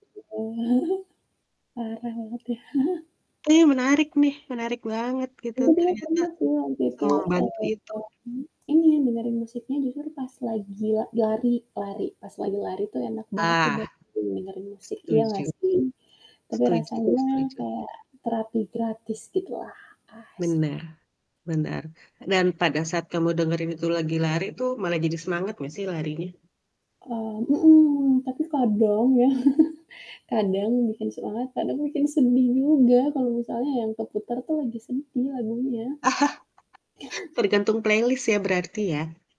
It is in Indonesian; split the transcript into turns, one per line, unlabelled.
Parah banget, ya.
Ini menarik nih, menarik banget, gitu.
Aku bilang
Ternyata,
pernah tuh waktu itu,
semembantu
eee,
itu.
ini, dengerin musiknya jujur pas lagi la lari lari, pas lagi lari tuh enak banget
Ah.
buat dengerin musik, iya nggak
Setuju.
sih? Tapi
Setuju
rasanya
setuju.
kayak terapi gratis gitu lah, asik.
Benar benar. Dan, pada saat kamu dengerin itu lagi lari tuh, malah jadi semangat nggak sih larinya?
Eee mhm, tapi kadang ya, kadang bikin semangat, kadang bikin sedih juga, kalau misalnya yang keputar tuh, lagi sedih lagunya.
Tergantung playlist ya, berarti ya?